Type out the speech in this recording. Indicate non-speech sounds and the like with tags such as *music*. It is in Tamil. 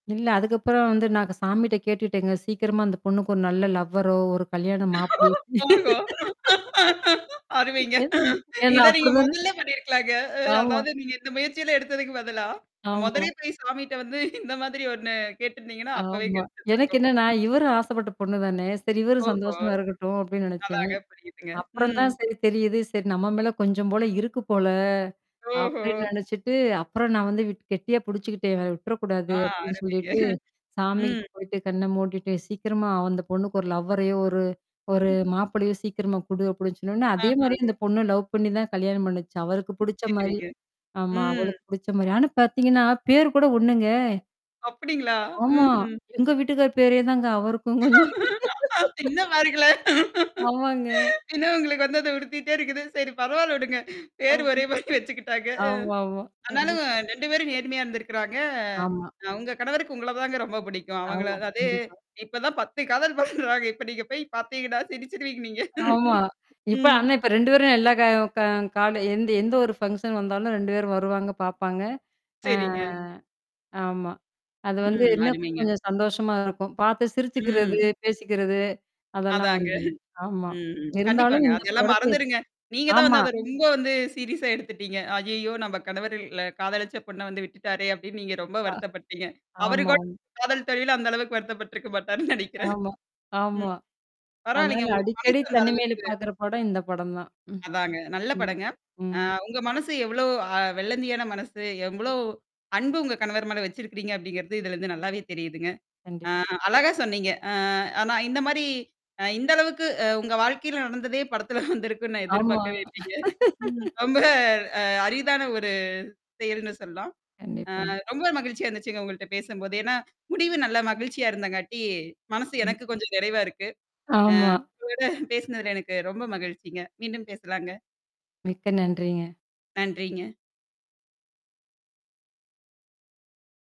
இல்ல. அதுக்கப்புறம் வந்து நான் அத சாமிட்ட கேட்டுட்டேங்க. சீக்கிரமா அந்த பொண்ணுக்கு ஒரு நல்ல லவ்வரோ! ஒரு கல்யாணம் மாப்பளையோ ஓஹோ! *laughs* அ, அருமைங்க. ஏன் ஏனா இத நீங்க அப்டிதானே முதல்ல பண்ணியிருக்கலாங்க. அ ஆமா. அதாவது நீங்க இந்த முயற்சியில எடுத்ததுக்கு பதிலா, ஆமா. மொதலே போய் சமிட்ட வந்து இந்த மாதிரி ஒண்ணு கேட்டுருந்தீங்கன்னா, அப்பவே ஆமா. எனக்கு கெடச்சிருந்துருக்கும். என்னன்னா, இவரும் ஆசைப்பட்ட பொண்ணு தானே. சரி இவரும் ஓஹோ! சந்தோஷமா இருக்கட்டும் அப்டின்னு நெனைச்சேன். அதாங்க புரியுதுங்க. அப்புறம் ம். தான் சரி தெரியுது. சரி நம்ம மேல கொஞ்சம் போல இருக்கு போல, ஓஹோ! அப்டின்னு நெனச்சுட்டு, அப்புறம் நான் வந்து விட் கெட்டியா புடிச்சுக்கிட்டேன் இவர விட்டுறக்கூடாது ஆ அப்டின்னு அருமைங்க. சொல்லிட்டு, *chuckles* சாமிகிட்ட ம். போயிட்டு கண்ண மூடிட்டு சீக்கிரமா அந்த பொண்ணுக்கு ஒரு லவ்வரையோ ஒரு ஒரு மாப்பளையோ சீக்கிரமா குடு அப்டின்னு சொன்னோனே, அதே ஆஹா. மாரியே அந்த பொண்ணு லவ் பண்ணி தான் கல்யாணம் பண்ணுச்சு. அவருக்கு புடிச்ச மாரி. சரிங்க. ஆமா. ம். அவளுக்கு புடிச்ச மாரி ஆனா பார்த்தீங்கன்னா, பேர் கூட ஒண்ணுங்க. அப்டிங்களா? ஆமா. ம்ஹ்ம். எங்க வீட்டுக்கார் பேரே தாங்க, அவருக்கும் கொஞ்சம். *laughs* இன்னும் மறக்கல. ஆமாங்க. இன்னும் உங்களுக்கு வந்து அத உருத்திட்டே இருக்குது. சரி பரவால்ல விடுங்க. பேரு ஆம். ஒரே மாரி வச்சுக்கிட்டாங்க. அ. ஆமாமா. ஆனாலும் கண்டிப் 2 பேரும் நேர்மையா இருந்திருக்கறாங்க. ஆமா. உங்க கணவருக்கு உங்கள தாங்க ரொம்ப பிடிக்கும். அவங்கள ஆமா, அதே கண்டிப்பா. இப்ப தான் 10 காதல் பண்றாங்க. இப்ப நீங்க போய் பார்த்தீங்கனா சிரிச்சிடுவீங்க நீங்க. ஆமா. இப்ப ம். ஆனா இப்ப 2 பேரும் எல்லா க க கால எந்த எந்த ஒரு ஃபங்ஷன் வந்தாலும் 2 பேரும் வருவாங்க பாப்பாங்க. அ. சரிங்க. ஆமா. அது வந்து ம். என்ன அருமைங்க. கொஞ்சம் சந்தோஷமா இருக்கும். பார்த்து சிரிச்சுக்கிறது, ம். பேசிக்கிறது. அதெல்லாம் அதாங்க. வந்து ஆமா. ம்ஹ்ம். இருந்தாலும் கண்டிப்பாங்க. இந்த அதெல்லாம் படத்த மறந்துருங்க. நீங்க தான் ஆமா. வந்து அத ரொம்ப வந்து சீரியஸா எடுத்துட்டீங்க. ஐய்யய்யோ! நம்ப கணவருல்ல காதலிச்ச பொண்ண வந்து விட்டுட்டாரே! அப்டின்னு நீங்க ரொம்ப அ. வருத்தப்பட்டீங்க. அவரு கூட ஆமாம். காதல் தோல்வில அந்த அளவுக்கு வருத்தப்பட்டுருக்க மாட்டாருன்னு நெனைக்கிறேன். ஆமா. ஆமா. *chuckles* ம். அதனால பரவாயில்லங்க! உங்களுக்கு மனசு அடிக்கடி அந்த தனிமையில அளவுக்கு பாார்க்கற பாடம் இந்த படம் தான் ம். அதாங்க. நல்ல ம். படங்க. அ ம். உங்க மனசு எவ்ளோ அ வெள்ளந்தியான மனசு? எவ்ளோ அன்பு உங்க கணவர் மேல வச்சிருக்கிறீங்க அப்டிங்கிறது இதுலருந்து நல்லாவே தெரியுதுங்க. அ கண்டிப்பா. அழகா சொன்னீங்க. அ ஆனா இந்த மாரி அ இந்த அளவுக்கு அ உங்க வாழ்க்கையில நடந்ததே *chuckles* படத்துல வந்திருக்கும்ன்னு நான் ஆமா. எதிர்பார்க்கவே இல்லைங்க. *chuckles* *laughs* ரொம்ப அ அரிதான ஒரு செயல்ன்னு சொல்லலாம். கண்டிப்பா. அ ரொம்ப மகிழ்ச்சியா இருந்துச்சுங்க உங்கள்ட்ட பேசும்போது. ஏன்னா, முடிவு நல்லா மகிழ்ச்சியா இருந்தங்காட்டி, மனசு ம். எனக்கு கொஞ்சம் நிறைவா இருக்கு. ஆமா. ஆ உங்களோட பேசினதுல எனக்கு ரொம்ப மகிழ்ச்சிங்க. மீண்டும் பேசலாங்க. மிக்க நன்றிங்க. நன்றிங்க.